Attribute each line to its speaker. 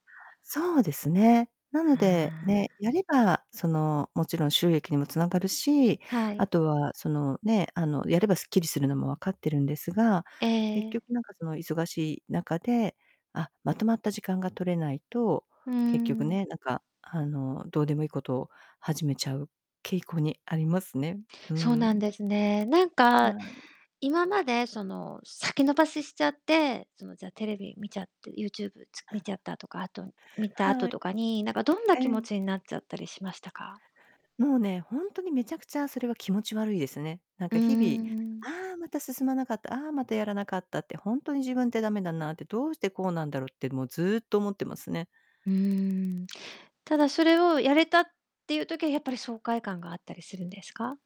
Speaker 1: そうですね。なの
Speaker 2: は
Speaker 1: で、
Speaker 2: あ。
Speaker 1: ね、やれば、その、もちろん収益にもつながるし、
Speaker 2: はい。
Speaker 1: あとは、その、ね、あの、やればすっきりするのも分かってるんですが、
Speaker 2: え
Speaker 1: 結
Speaker 2: え。
Speaker 1: 局なんか、その、忙しい中で、あ、まとまった時間が取れないと、
Speaker 2: うー
Speaker 1: 結局
Speaker 2: ん。
Speaker 1: ね、なんか、あの、どうでもいいことを始めちゃう傾向にありますね。う
Speaker 2: そうなん
Speaker 1: ん。
Speaker 2: ですね。なんか
Speaker 1: はい。
Speaker 2: 今まで、その、先延ばししちゃって、その、じゃ、テレビ見ちゃって、ユーチューブ、つ見ちゃっ たとか、あと、見た後
Speaker 1: はい。
Speaker 2: とかに、なんか、どんな
Speaker 1: え
Speaker 2: 気持
Speaker 1: え。
Speaker 2: ちになっちゃったりしましたか？
Speaker 1: もうね、ほんとに、滅茶苦茶それは気持ち悪いですね。なん
Speaker 2: うー
Speaker 1: か、日々、
Speaker 2: ん。
Speaker 1: 「ああ、また進まなかった、ああ、またやらなかった」って、「ほんとに自分って駄目だな」って、「どうしてこうなんだろう」って、もう、ずっと思ってますね。
Speaker 2: うーん。ただ、それをやれたっていう時は、やっぱり、爽快感があったりするんですか？